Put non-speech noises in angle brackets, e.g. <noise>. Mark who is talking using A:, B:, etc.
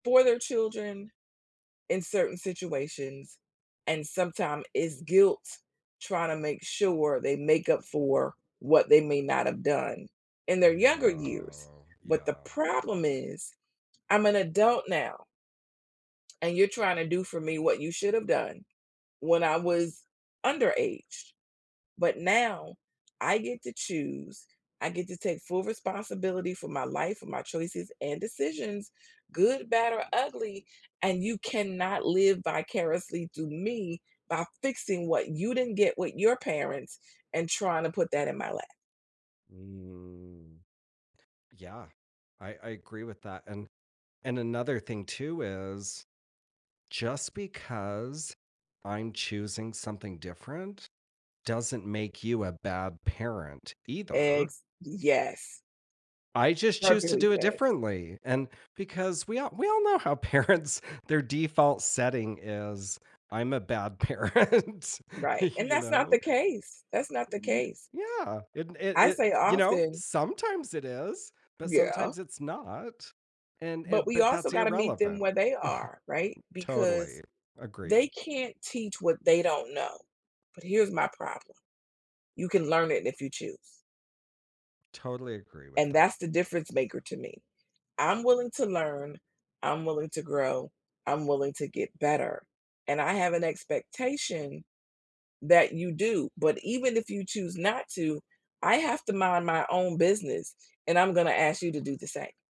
A: For their children in certain situations, and sometime it's guilt tryna make sure they make up for what they may not have done in their younger
B: Yeah,
A: years. But the
B: yeah.
A: problem is, I'm an adult now and you're trying to do for me what you should have done when I was underaged. But now, I get to choose, I get to take full responsibility for my life, for my choices and decisions, good, bad, or ugly, and you cannot live vicariously through me by fixing what you didn't get with your parents and tryna put that in my lap.
B: Mm. Yeah, I I agree with that, and and another thing too is just because I'm choosing something different, doesn't make you a bad parent either.
A: Ex yes.
B: I just choose to
A: Perfectly
B: do it
A: safe.
B: differently, and because we all we all know how parents, their default setting is, "I'm a bad parent",
A: Right, and
B: you
A: that's not the
B: know?
A: case. That's not
B: Uh
A: the
B: n
A: case.
B: yeah, it it
A: I
B: it,
A: say
B: you know,
A: often
B: sometimes it is, but
A: Yeah.
B: sometimes it's not, and
A: But
B: and
A: we
B: but
A: also
B: that's
A: gotta meet them
B: irrelevant. <chuckles>
A: where they are, right? Because
B: Totally agree.
A: they can't teach what they don't know. But here's my problem. You can learn it if you choose.
B: Totally agree with
A: And
B: that.
A: that's the difference maker to me. I'm willing to learn, I'm willing to grow, I'm willing to get better, and I have an expectation that you do, but even if you choose not to, I have to mind my own business and I'm gonna ask you to do the same.